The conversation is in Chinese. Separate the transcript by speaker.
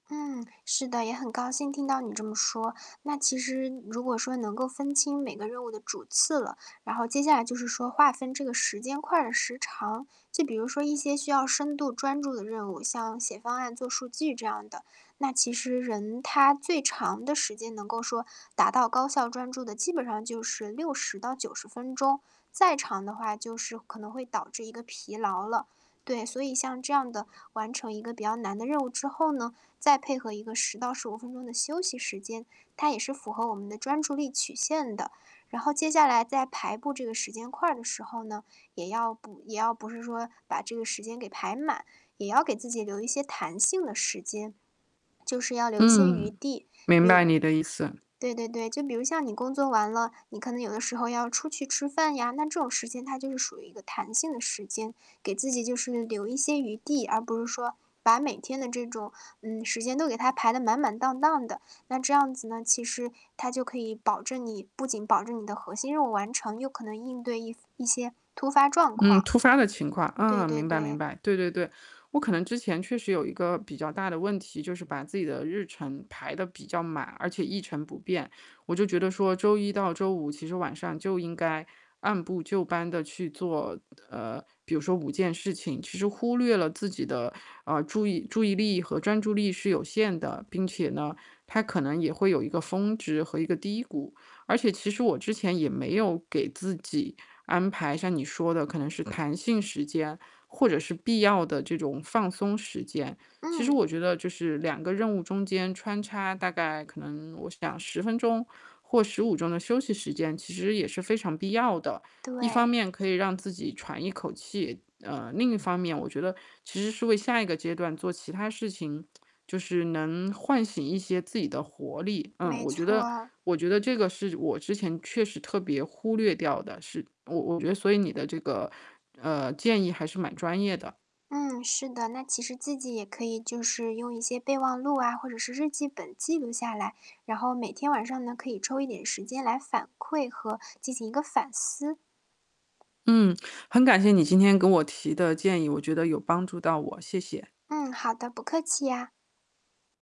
Speaker 1: 嗯，是的，也很高兴听到你这么说。那其实如果说能够分清每个任务的主次了，然后接下来就是说划分这个时间块儿的时长，就比如说一些需要深度专注的任务，像写方案、做数据这样的。那其实人他最长的时间能够说达到高效专注的，基本上就是60到90分钟，再长的话就是可能会导致一个疲劳了。对，所以像这样的完成一个比较难的任务之后呢，再配合一个10到15分钟的休息时间，它也是符合我们的专注力曲线的。然后接下来在排布这个时间块的时候呢，也要补也要不是说把这个时间给排满，也要给自己留一些弹性的时间。就是要留一些余
Speaker 2: 嗯，
Speaker 1: 地，
Speaker 2: 明
Speaker 1: 比
Speaker 2: 白
Speaker 1: 如
Speaker 2: 你的意思。
Speaker 1: 对对对，就比如像你工作完了，你可能有的时候要出去吃饭呀，那这种时间它就是属于一个弹性的时间。给自己就是留一些余地，而不是说把每天的这种，嗯，时间都给它排得满满当当的，那这样子呢，其实它就可以保证你不仅保证你的核心任务完成又可能应对一一些突发状
Speaker 2: 嗯，
Speaker 1: 况。
Speaker 2: 突发的情况，啊，
Speaker 1: 对对
Speaker 2: 明白明
Speaker 1: 对。
Speaker 2: 白，对对对。我可能之前确实有一个比较大的问题，就是把自己的日程排得比较满，而且一成不变。我就觉得说周一到周五，其实晚上就应该按部就班地去做呃，比如说5件事情，其实忽略了自己的，呃，注意注意力和专注力，是有限的。并且呢，它可能也会有一个峰值和一个低谷，而且其实我之前也没有给自己安排，像你说的可能是弹性时间或者是必要的这种放松时间。其实
Speaker 1: 嗯。
Speaker 2: 我觉得就是2个任务中间穿插大概可能我想10分钟或15钟的休息时间。其实也是非常必要的，一方
Speaker 1: 对。
Speaker 2: 面可以让自己喘一口气呃，另一方面我觉得其实是为下一个阶段做其他事情，就是能唤醒一些自己的活力。嗯，
Speaker 1: 没
Speaker 2: 我觉得
Speaker 1: 错。
Speaker 2: 我觉得这个是我之前确实特别忽略掉的，是我我觉得所以你的这个呃，建议还是蛮专业的。
Speaker 1: 嗯，是的。那其实自己也可以就是用一些备忘录啊，或者是日记本记录下来，然后每天晚上呢，可以抽一点时间来反馈和进行一个反思。
Speaker 2: 嗯，很感谢你今天给我提的建议，我觉得有帮助到我，谢谢。
Speaker 1: 嗯，好的，不客气呀。